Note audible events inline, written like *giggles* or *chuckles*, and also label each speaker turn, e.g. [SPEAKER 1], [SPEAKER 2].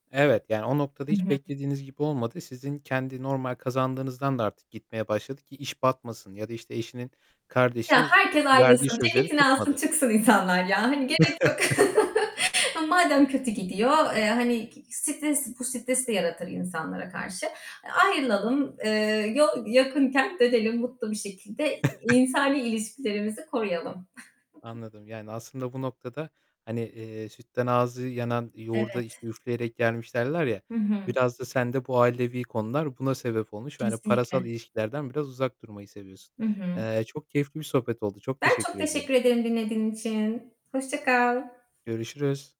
[SPEAKER 1] Evet, yani o noktada
[SPEAKER 2] I
[SPEAKER 1] hiç
[SPEAKER 2] hı.
[SPEAKER 1] beklediğiniz gibi olmadı. Sizin kendi normal kazandığınızdan da artık gitmeye başladı, ki iş batmasın ya da, işte, eşinin
[SPEAKER 2] Ya,
[SPEAKER 1] kardeşi
[SPEAKER 2] herkes
[SPEAKER 1] verdiği
[SPEAKER 2] ayrılsın,
[SPEAKER 1] sözleri
[SPEAKER 2] ceketini alsın
[SPEAKER 1] tutmadı.
[SPEAKER 2] çıksın insanlar ya. Hani, gerek yok.
[SPEAKER 1] *chuckles*
[SPEAKER 2] *chuckles* Madem kötü gidiyor. Eee, hani, stres bu stres de yaratır insanlara karşı. E, ayrılalım, eee, yol yakınken dönelim mutlu bir şekilde i
[SPEAKER 1] *chuckles*
[SPEAKER 2] insani ilişkilerimizi koruyalım. *giggles*
[SPEAKER 1] Anladım. Yani aslında bu noktada, hani, eee, sütten ağzı yanan yoğurda,
[SPEAKER 2] Evet.
[SPEAKER 1] işte, üfleyerek yermiş derler ya.
[SPEAKER 2] Hı hı.
[SPEAKER 1] Biraz da sende bu ailevi konular buna sebep olmuş. Ve, hani,
[SPEAKER 2] Kesinlikle.
[SPEAKER 1] parasal ilişkilerden biraz uzak durmayı seviyorsun.
[SPEAKER 2] Hı hı.
[SPEAKER 1] Eee, çok keyifli bir sohbet oldu. Çok
[SPEAKER 2] Ben çok
[SPEAKER 1] teşekkür ediyorum.
[SPEAKER 2] teşekkür ederim dinlediğin için, hoşça kal.
[SPEAKER 1] Görüşürüz.